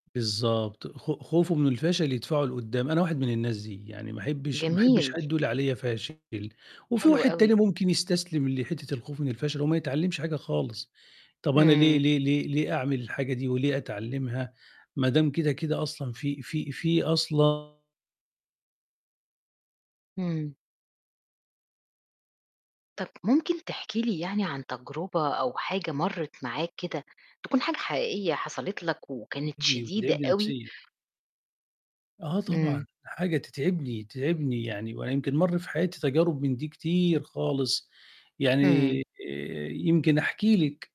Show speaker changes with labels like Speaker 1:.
Speaker 1: بالضبط، خ خوفه من الفشل يدفعه لقُدّام، أنا واحد من الناس دي، يعني ما أحبّش ما أحبّش
Speaker 2: جميل.
Speaker 1: حد يقول عليَّ فاشل وفي
Speaker 2: حلو
Speaker 1: واحد تاني
Speaker 2: أوي.
Speaker 1: ممكن يستسلم لحتّة الخوف من الفَشَل، وما يتعلِّمش حاجة خالص، طَب أنا ليه
Speaker 2: إمم.
Speaker 1: ليه ليه ليه أعمل الحاجة دي وليه أتعلِّمها ما دام كده، كده أصلًا في في في أصلًا
Speaker 2: إمم. طَب ممكن تحكي لي يعني عن تجربة أو حاجة مرّت معاك كده تكون حاجة حقيقية حصلت لك وكانت
Speaker 1: [unintelligible]
Speaker 2: شديدة
Speaker 1: وتتعبني
Speaker 2: أوي؟
Speaker 1: نفسيًا. آه طبعًا،
Speaker 2: إمم.
Speaker 1: حاجة تتعبني، تتعبني يعني وأنا يمكن مَرّ في حياتي تجارب من دي كتير خالص، يعني
Speaker 2: إمم.
Speaker 1: آآ، يمكن أحكي لِك.